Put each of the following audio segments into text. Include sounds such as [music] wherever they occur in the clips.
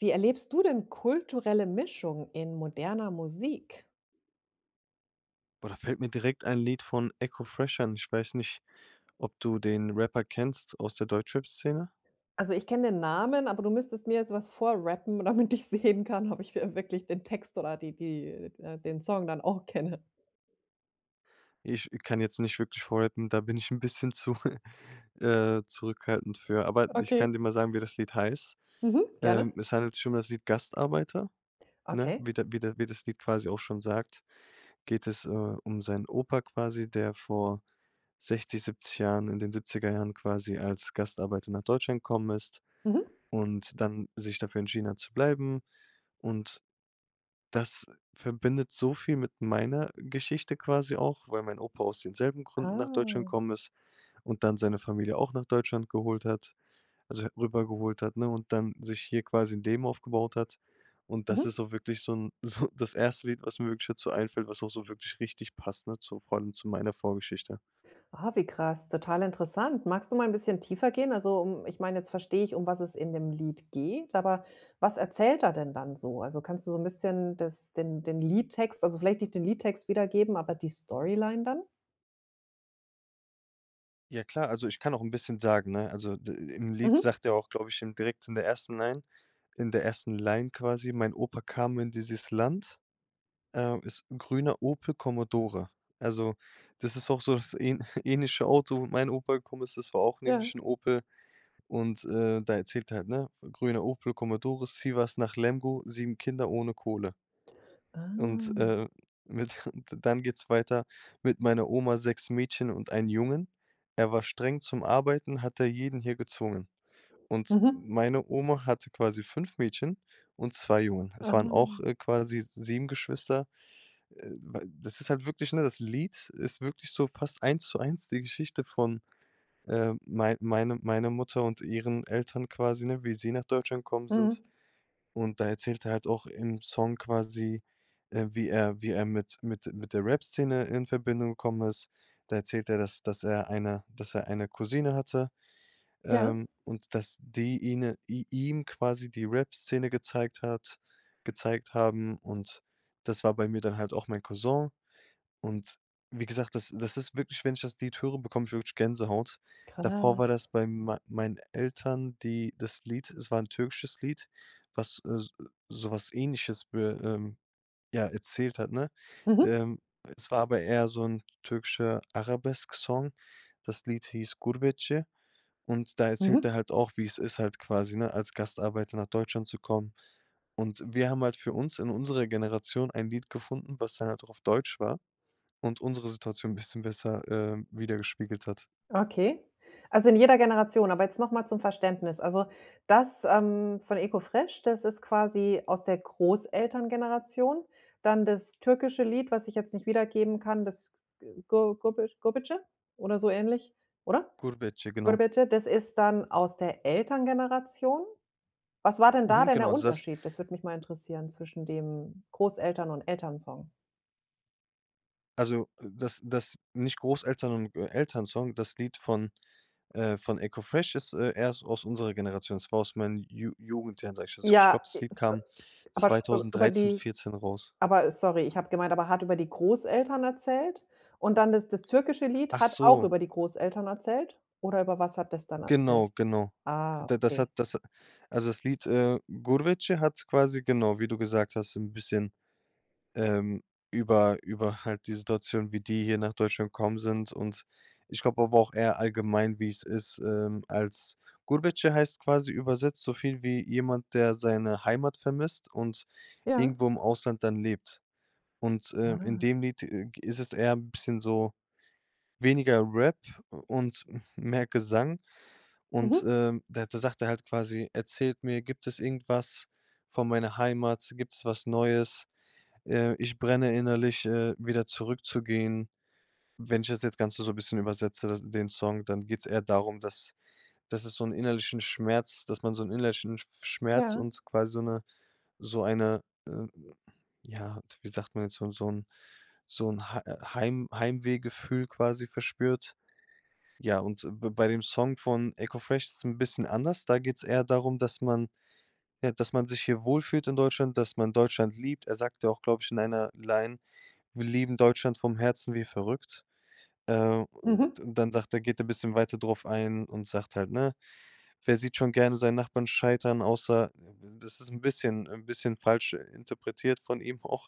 Wie erlebst du denn kulturelle Mischung in moderner Musik? Boah, da fällt mir direkt ein Lied von Eko Fresh ein. Ich weiß nicht, ob du den Rapper kennst aus der Deutschrap-Szene? Also, ich kenne den Namen, aber du müsstest mir jetzt was vor rappen, damit ich sehen kann, ob ich dir wirklich den Text oder die die d äh, den Song dann auch kenne. Ich kann jetzt nicht wirklich vorrappen, da bin ich 'n bisschen zu, [chuckles] äh, zurückhaltend für. Aber ich Okay. kann dir mal sagen, wie das Lied heißt. Mhm, Ähm, gerne. es handelt sich um das Lied: „Gastarbeiter“, ne? Okay. Wie der wie der wie das Lied quasi auch schon sagt, geht es, äh, um seinen Opa quasi, der vor 60, 70 Jahren, in den 70er jahren quasi als Gastarbeiter nach Deutschland gekommen ist Mhm. und dann sich dafür entschieden hat, zu bleiben. Und das verbindet so viel mit meiner Geschichte quasi auch, weil mein Opa aus denselben Gründen nach Deutschland Ah. gekommen ist und dann seine Familie auch nach Deutschland geholt hat, also, he rüber geholt hat, ne, und dann sich hier quasi 'n Leben aufgebaut hat. Und das Mhm. ist auch wirklich so 'n so das erste Lied, was mir wirklich dazu einfällt, was auch so wirklich richtig passt, ne, zu vor allem zu meiner Vorgeschichte. Ah, wie krass, total interessant. Magst du mal 'n bisschen tiefer gehen? Also, um ich meine, jetzt verstehe ich, um was es in dem Lied geht, aber was erzählt er denn dann so? Also, kannst du so 'n bisschen das den den Liedtext, also, vielleicht nicht den Liedtext wiedergeben, aber die Storyline dann? Ja klar, also ich kann auch 'n bisschen sagen, ne? Also d im Lied Mhm. sagt er auch, glaube ich, im direkt in der 1. Line in der ersten Line, quasi: „Mein Opa kam in dieses Land, äh ist 'n grüner Opel Commodore.“ Also, das ist auch so das ähn [chuckles] ähnliche Auto mein Opa [unintelligible] ist auch nämlich Ja. 'n Opel. Und äh, da erzählt er halt, ne? „Grüner Opel Commodore, Sivas nach Lemgo, 7 Kinder ohne Kohle.“ Und Ah. äh, mit [chuckles] dann geht's weiter: „Mit meiner Oma, 6 Mädchen und 1 Jungen. Er war streng zum Arbeiten, hat er jeden hier gezwungen.“ Und Mhm. meine Oma hatte quasi 5 Mädchen und 2 Jungen. Es waren auch, Ah. äh, quasi 7 Geschwister. Äh, d das ist halt wirklich, ne? Das Lied ist wirklich so fast Eins-zu-eins die Geschichte von, ähm, mein meine meiner Mutter und ihren Eltern quasi, ne? Wie sie nach Deutschland gekommen sind. Mhm. Und da erzählt er halt auch im Song quasi, äh, wie er wie er mit mit mit der Rapszene in Verbindung gekommen ist. Da erzählt er, dass dass er eine dass er eine Cousine hatte, Ja? ähm, und dass die ihne i ihm quasi die Rapszene gezeigt hat gezeigt haben. Und, das war bei mir dann halt auch mein Cousin. Und, wie gesagt, das das ist wirklich wenn ich das Lied höre, bekomme ich wirklich Gänsehaut. Davor Krass. war das bei mei meinen Eltern die das Lied es war 'n türkisches Lied, was so sowas Ähnliches wür ähm, ja, erzählt hat, ne? Mhm. Ähm. Es war aber eher so 'n türkischer Arabesk-Song. Das Lied hieß „Gurbetçi“ und da erzählt Mhm. er halt auch, wie es ist halt quasi, ne, als Gastarbeiter nach Deutschland zu kommen. Und, wir haben halt für uns, in unserer Generation ein Lied gefunden, was dann halt auch auf Deutsch war und unsere Situation 'n bisschen besser, ähm, widergespiegelt hat. Okay. Also in jeder Generation. Aber jetzt noch mal zum Verständnis. Also, das, ähm, von Eko Fresh, das ist quasi aus der Großelterngeneration? Dann das türkische Lied, was ich jetzt nicht wiedergeben kann, das G Gor Gorbe Gorbetçi, oder so ähnlich, oder? „Gurbetçi“, genau. „Gurbetçi.“ Das ist dann aus der Elterngeneration? Was war denn da Mhm, denn genau. der Also das Unterschied? Das würde mich mal interessieren. Zwischen dem Großeltern und Elternsong. Also, dass dass nicht Großeltern und Elternsong. Das Lied von, äh von Eko Fresh ist, äh, erst aus unserer Generation. Es war aus meinen Ju Jugendjahren, sage ich jetzt. Also, ich Ja, glaube das Lied ist a kam aber über 2013- die 14 raus. aber sorry, ich habe gemeint aber hat über die Großeltern erzählt? Und dann, das das türkische Lied Ach hat auch so. über die Großeltern erzählt? Oder über was hat das dann Genau erzählt? genau. Ah, Da das okay. hat das also das Lied, äh, „Gurbetçi“ hat quasi, genau, wie du gesagt hast, 'n bisschen, ähm, über über halt die Situation, wie die hier nach Deutschland gekommen sind, und ich glaube aber auch eher allgemein, wie es ist, ähm, als „Gurbetçi“ heißt quasi übersetzt soviel wie, jemand, der seine Heimat vermisst und Ja. irgendwo im Ausland dann lebt. Und, ähm, in Ah. dem Lied g ist es eher bisschen so, weniger Rap und m mehr Gesang. Und, Mhm. ähm, da sagt er halt quasi: „Erzählt mir, gibt es irgendwas von meiner Heimat? Gibt's was Neues? Ähm. Ich brenne innerlich, äh, wieder zurückzugehen.“ Wenn ich das jetzt Ganze so 'n bisschen übersetze den Song, dann geht's eher darum, dass dass es so 'n innerlichen Schmerz dass man so 'n innerlichen Schmerz Ja. und quasi so 'ne so eine, äh, ja, wie sagt man jetzt? So 'n so 'n Hei Heim Heimwehgefühl quasi verspürt? Ja, und b bei dem Song von Eko Fresh ist 'n bisschen anders. Da geht's eher darum, dass man ja, dass man sich hier wohlfühlt in Deutschland, dass man Deutschland liebt. Er sagte auch, glaube ich in einer Line: „Wir lieben Deutschland vom Herzen wie verrückt.“ Äh. Und Mhm. dann sagt er geht er 'n bisschen weiter drauf ein und sagt halt, ne: „Wer sieht schon gerne seinen Nachbarn scheitern?“ Außer, das ist 'n bisschen 'n bisschen falsch interpretiert von ihm auch,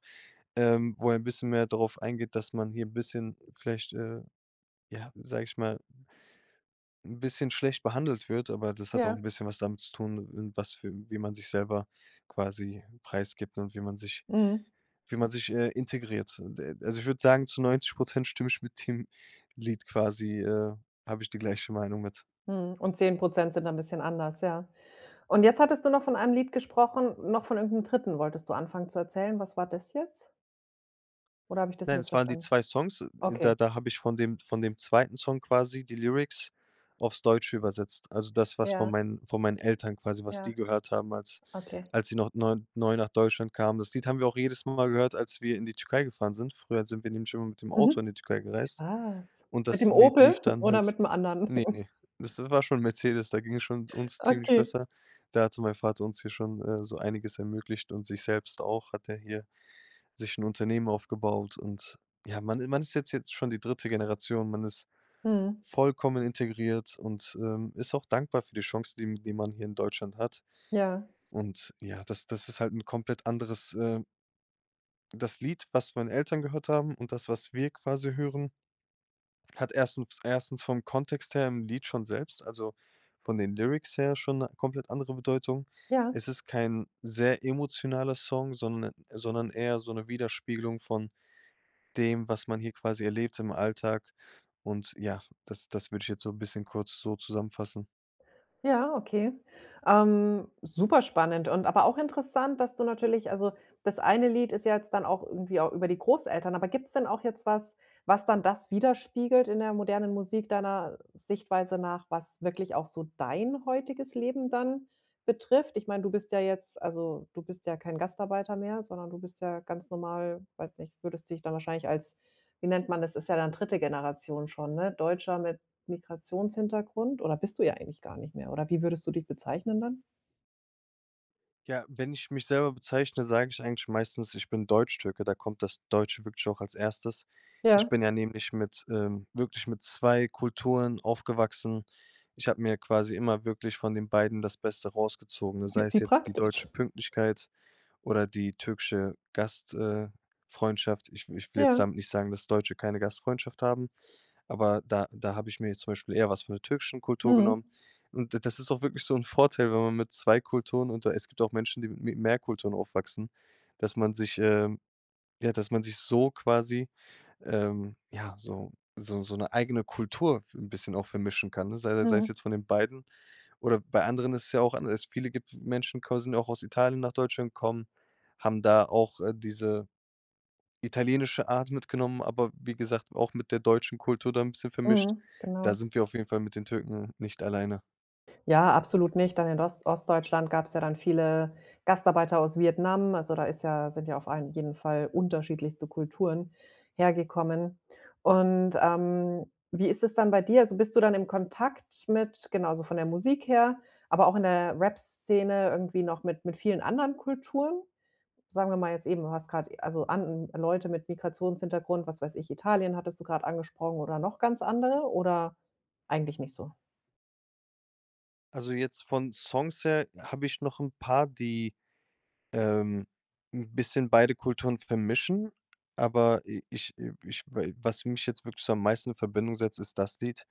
ähm, wo er 'n bisschen mehr drauf eingeht, dass man hier 'n bisschen vielleicht, äh ja, wie sage ich mal 'n bisschen schlecht behandelt wird, aber das hat auch 'n Ja. bisschen was damit zu tun, in was für wie man sich selber quasi preisgibt und wie man sich Mhm. wie man sich, äh, integriert. D d also, ich würde sagen, zu 90 % stimme ich mit dem Lied quasi, äh habe ich die gleiche Meinung mit. Mhm. Und 10 % sind dann bisschen anders. Ja. Und jetzt hattest du noch von einem Lied gesprochen noch von irgendeinem 3. wolltest du anfangen zu erzählen. Was war das jetzt? Oder habe ich das Nein, es waren die missverstanden? 2 Songs, da Okay. da habe ich von dem von dem 2. Song quasi die Lyrics auf's Deutsche übersetzt. Also, das, was von Ja. meinen von meinen Eltern quasi, was Ja. die gehört haben, als Okay. als sie noch neu neu nach Deutschland kamen. Das Lied haben wir auch jedes Mal gehört, als wir in die Türkei gefahren sind. Früher sind wir nämlich immer mit dem Auto in Mhm. die Türkei gereist Krass. und Mit das dem Lied Opel lief dann oder halt mit dem anderen? ne, [chuckles] ne. Das war schon 'n Mercedes, da ging es schon uns ziemlich Okay. besser. Da hatte mein Vater uns hier schon, äh, so einiges ermöglicht und sich selbst auch hat er hier sich 'n Unternehmen aufgebaut. Und ja, man i man ist jetzt jetzt schon die 3. Generation, man ist Mhm. vollkommen integriert und, ähm, ist auch dankbar für die Chance, die m die man hier in Deutschland hat. Ja. Und ja, das das ist halt 'n komplett anderes, äh das Lied, was meine Eltern gehört haben und das, was wir quasi hören, hat erstem 1. vom Kontext her im Lied schon selbst also, von den Lyrics her schon 'ne komplett andere Bedeutung. Ja. Es ist kein sehr emotionaler Song, sonde sondern eher so 'ne Widerspiegelung von dem, was man hier quasi erlebt im Alltag. Und ja, das das würde ich jetzt so bisschen kurz so zusammenfassen. Ja, okay. Ähm, super spannend und aber auch interessant, dass du natürlich also, das eine Lied ist ja jetzt dann auch irgendwie au über die Großeltern, aber gibt's denn auch jetzt was, was dann das widerspiegelt in der modernen Musik deiner Sichtweise nach, was wirklich auch so dein heutiges Leben dann betrifft? Ich meine, du bist ja jetzt also, du bist ja kein Gastarbeiter mehr, sondern du bist ja ganz normal, weiß nicht, würdest du dich dann wahrscheinlich als wie nennt man das, ist ja dann 3. Generation schon, ne, Deutscher mit Migrationshintergrund oder bist du ja eigentlich gar nicht mehr? Oder wie würdest du dich bezeichnen dann? Ja, wenn ich mich selber bezeichne, sage ich eigentlich meistens, ich bin Deutschtürke, da kommt das Deutsche wirklich auch als Erstes. Ich Ja. bin ja nämlich mit, ähm wirklich mit 2 Kulturen aufgewachsen. Ich habe mir quasi immer wirklich von den beiden das Beste rausgezogen, ne, J sei es wie jetzt die deutsche praktisch. Pünktlichkeit oder die türkische Gast äh, Freundschaft. Ich w ich will jetzt Ja. damit nicht sagen, dass Deutsche keine Gastfreundschaft haben, aber da da habe ich mir zum Beispiel eher was von der türkischen Kultur Mhm. genommen. Und d das ist auch wirklich so 'n Vorteil, wenn man mit 2 Kulturen und da es gibt auch Menschen, die mi mit mehr Kulturen aufwachsen, dass man sich ähm, ja, dass man sich so quasi, ähm, ja, so so so 'ne eigene Kultur f 'n bisschen auch vermischen kann, ne? Sei sei es Mhm. jetzt von den beiden oder bei anderen ist es ja auch anders, viele gibt Menschen qu sind ja auch aus Italien nach Deutschland, kommen, haben da auch, äh, diese italienische Art mitgenommen, aber wie gesagt, auch mit der deutschen Kultur da 'n bisschen vermischt. Mhm, Da genau. sind wir auf jeden Fall mit den Türken nicht alleine. Ja, absolut nicht, dann in Ost Ostdeutschland gab's ja dann viele Gastarbeiter aus Vietnam. Also, da ist ja sind ja auf allen jeden Fall unterschiedlichste Kulturen hergekommen. Und, ähm, wie ist es dann bei dir? Also, bist du dann im Kontakt mit genau, also, von der Musik her, aber auch in der Rapsszene irgendwie noch mit mit vielen anderen Kulturen? Sagen wir mal jetzt eben, du hast grad also, an n Leute mit Migrationshintergrund, was weiß ich, Italien hattest du grad angesprochen oder noch ganz andere oder eigentlich nicht so? Also, jetzt von Songs her habe ich noch 'n paar, die, ähm, 'n bisschen beide Kulturen vermischen, aber i ich i ich wa was mich jetzt wirklich so am meisten in Verbindung setzt, ist das Lied.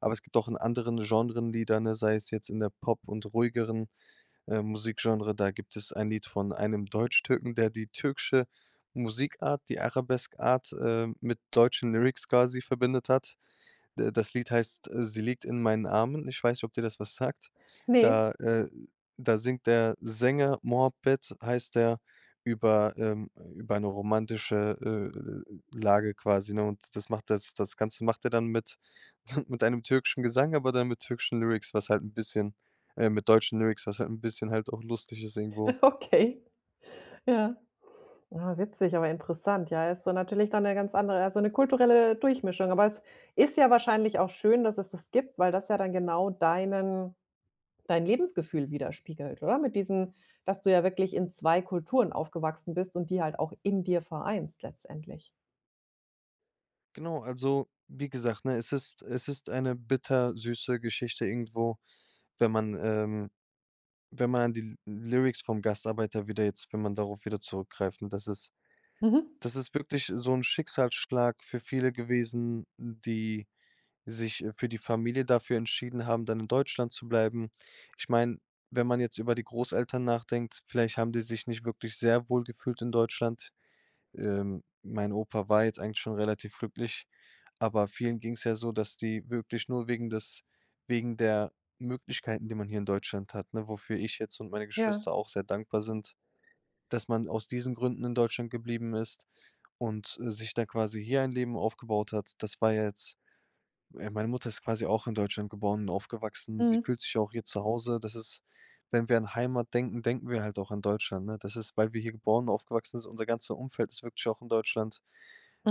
Aber es gibt auch in anderen Genres, die dann äh, sei es jetzt in der Pop und ruhigeren, äh, Musikgenre, da gibt es ein Lied von einem Deutschtürken, der die türkische Musikart, die Arabesk-Art, ähm, mit deutschen Lyrics quasi verbindet hat. D das Lied heißt: „Sie liegt in meinen Armen.“ Ich weiß nicht, ob dir das was sagt. Ne. Da äh, da singt der Sänger, Muhabbet heißt der über ähm, über 'ne romantische, äh, Lage quasi, ne? Und das macht das das Ganze macht er dann mit [chuckles] mit einem türkischen Gesang, aber dann mit türkischen Lyrics, was halt 'n bisschen äh, mit deutschen Lyrics, was halt 'n bisschen halt auch lustig ist irgendwo. Okay, ja. Ah, witzig, aber interessant, ja. Ist so natürlich dann 'ne ganz andere also, 'ne kulturelle Durchmischung. Aber es ist ja wahrscheinlich auch schön, dass es das gibt, weil das ja dann genau deinen dein Lebensgefühl widerspiegelt, oder? Mit diesen dass du ja wirklich in 2 Kulturen aufgewachsen bist und die halt auch in dir vereinst letztendlich. Genau, also wie gesagt, ne? Es ist es ist eine bittersüße Geschichte irgendwo, wenn man ähm, wenn man an die Lyr Lyrics vom Gastarbeiter wieder jetzt wenn man darauf wieder zurückgreift. Ne, das ist Mhm. das ist wirklich so 'n Schicksalsschlag für viele gewesen, n die sich, äh für die Familie dafür entschieden haben, dann in Deutschland zu bleiben. Ich meine, wenn man jetzt über die Großeltern nachdenkt, vielleicht haben die sich nicht wirklich sehr wohl gefühlt in Deutschland. Ähm. Mein Opa war jetzt eigentlich schon relativ glücklich, aber vielen ging's ja so, dass die wirklich nur wegen des wegen der Möglichkeiten, die man hier in Deutschland hat, ne? Wofür ich jetzt und meine Ja. Geschwister auch sehr dankbar sind, dass man aus diesen Gründen in Deutschland geblieben ist und, äh, sich da quasi hier ein Leben aufgebaut hat. Das war ja jetzt äh, meine Mutter ist quasi auch in Deutschland geboren und aufgewachsen. Sie Mhm. fühlt sich auch hier zu Hause. Das ist wenn wir an Heimat denken, denken wir halt auch an Deutschland, ne? Das ist, weil wir hier geboren und aufgewachsen sind, unser ganzer Umfeld ist wirklich auch in Deutschland.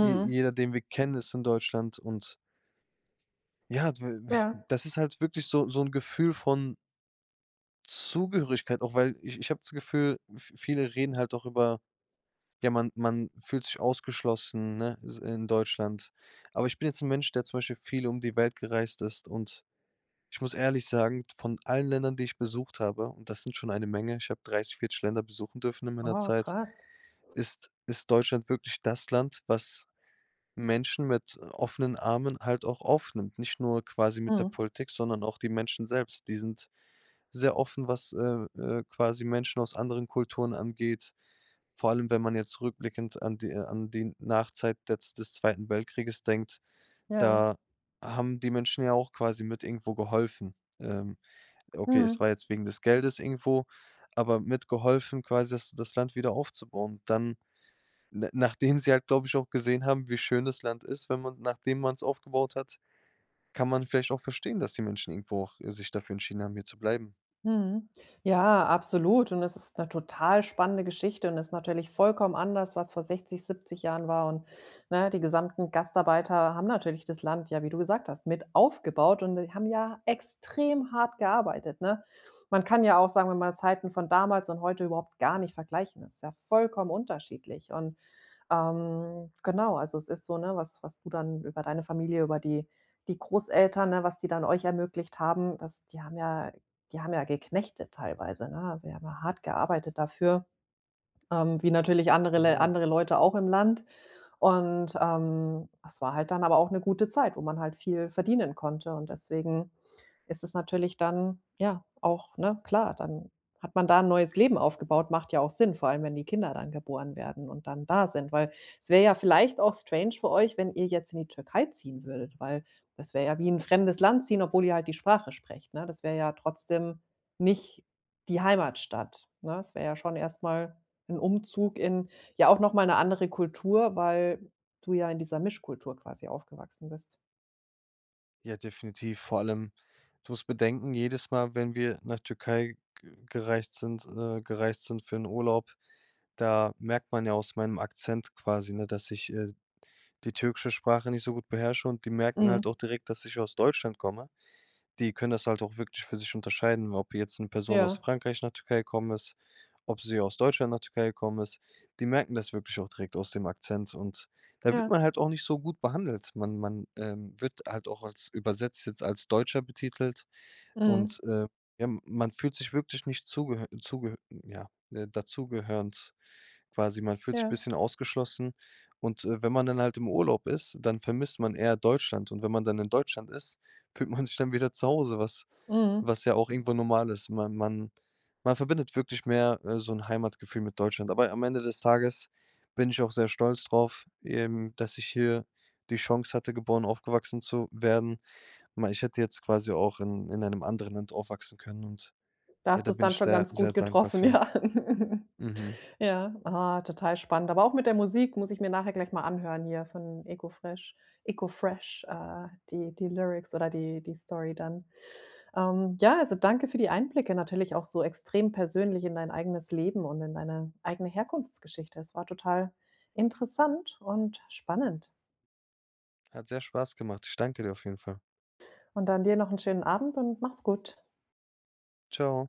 Je jeder, den wir kennen, ist in Deutschland und ja, dw we äh, Ja. das ist halt wirklich so so 'n Gefühl von Zugehörigkeit, auch weil ich ich habe das Gefühl, v viele reden halt auch über, ja, man man fühlt sich ausgeschlossen, ne? S in Deutschland. Aber ich bin jetzt 'n Mensch, der zum Beispiel viel um die Welt gereist ist und ich muss ehrlich sagen, d von allen Ländern, die ich besucht habe und das sind schon eine Menge ich hab 30, 40 Länder besuchen dürfen in meiner Wow, Zeit, krass. ist ist Deutschland wirklich das Land, was Menschen mit, äh, offenen Armen halt auch aufnimmt, nicht nur quasi mit der Mhm. Politik, sondern auch die Menschen selbst. Die sind sehr offen, was, äh, äh, quasi Menschen aus anderen Kulturen angeht. Vor allem, wenn man jetzt rückblickend an die äh, an den Nachzeit jetzt des Zweiten Weltkrieges denkt, Ja. da haben die Menschen ja auch quasi mit irgendwo geholfen. Ähm. Okay, es Mhm. war jetzt wegen des Geldes irgendwo, aber mitgeholfen quasi das das Land wieder aufzubauen. Dann, na nachdem sie halt, glaube ich, auch gesehen haben, wie schön das Land ist, wenn man nachdem man's aufgebaut hat, kann man vielleicht auch verstehen, dass die Menschen irgendwo auch, äh, sich dafür entschieden haben, hier zu bleiben. Mhm. Ja, absolut und es ist 'ne total spannende Geschichte und ist natürlich vollkommen anders, was vor 60, 70 Jahren war und, ne, die gesamten Gastarbeiter haben natürlich das Land, ja, wie du gesagt hast, mit aufgebaut und die haben ja extrem hart gearbeitet, ne? Man kann ja auch sagen, man will Zeiten von damals und heute überhaupt garnicht vergleichen. Das ist ja vollkommen unterschiedlich. Und, ähm, genau, also es ist so, ne, was was du dann über deine Familie, über die die Großeltern, ne, was die dann euch ermöglicht haben, dass die haben ja äh, die haben ja geknechtet teilweise, ne? Also, sie haben hart gearbeitet dafür, ähm, wie natürlich andere Lä Genau. andere Leute auch im Land. Und, ähm, es war halt dann aber auch 'ne gute Zeit, wo man halt viel verdienen konnte. Und deswegen ist es natürlich dann ja auch, ne, klar, dann hat man da 'n neues Leben aufgebaut. Macht ja auch Sinn, vor allem, wenn die Kinder dann geboren werden und dann da sind. Weil, es wäre ja vielleicht auch strange für euch, wenn ihr jetzt in die Türkei ziehen würdet, weil das wäre ja wie in 'n fremdes Land ziehen, obwohl ihr halt die Sprache sprecht, ne? Das wäre ja trotzdem nicht die Heimatstadt, ne? Es wäre ja schon erst mal 'n Umzug in ja, auch noch mal 'ne andere Kultur, weil, äh, du ja in dieser Mischkultur quasi aufgewachsen bist. Ja, definitiv. Vor allem, du musst bedenken, jedes Mal, wenn wir nach Türkei ge gereist sind äh, gereist sind für 'n Urlaub, da merkt man ja aus meinem Akzent quasi, ne, dass ich, äh, d die türkische Sprache nicht so gut beherrsche und die merken halt Mhm. auch direkt, dass ich aus Deutschland komme. Die können das halt auch wirklich für sich unterscheiden, ob jetzt 'ne Person aus Ja. Frankreich nach Türkei gekommen ist, ob sie aus Deutschland nach Türkei gekommen ist. Die merken das wirklich auch direkt aus dem Akzent. Und da wird Ja. man halt auch nicht so gut behandelt. Man man, ähm, wird halt auch als, übersetzt jetzt als „Deutscher“ betitelt. Und, Mhm. äh, ja, m man fühlt sich wirklich nicht zugehör zugehör äh, ja, dazu gehörend, quasi. Man fühlt sich Ja. bisschen ausgeschlossen. Und, äh, wenn man dann halt im Urlaub ist, dann vermisst man eher Deutschland. Und wenn man dann in Deutschland ist, fühlt man sich dann wieder zu Hause, was Mhm. was ja auch irgendwo normal ist. Man man man verbindet wirklich mehr, äh, so 'n Heimatgefühl mit Deutschland. Aber am Ende des Tages bin ich auch sehr stolz drauf eben, dass ich hier die Chance hatte, geboren aufgewachsen zu werden. Mei ich hätte jetzt quasi auch in in einem anderen Land aufwachsen können und Da ja, hast da du's bin dann ich schon sehr, ganz sehr gut dankbar getroffen, für. ja. [giggles] Mhm. Ja, ah, total spannend. Aber auch mit der Musik, muss ich mir nachher gleich mal anhören hier von Eko Fresh. Eko Fresh, äh, die die Lyrics oder die die Story dann. Ähm, ja, also, danke für die Einblicke, natürlich auch so extrem persönlich in dein eigenes Leben und in deine eigene Herkunftsgeschichte. Es war total interessant und spannend. Hat sehr Spaß gemacht. Ich danke dir auf jeden Fall. Und dann dir noch 'n schönen Abend und mach's gut. Tschau.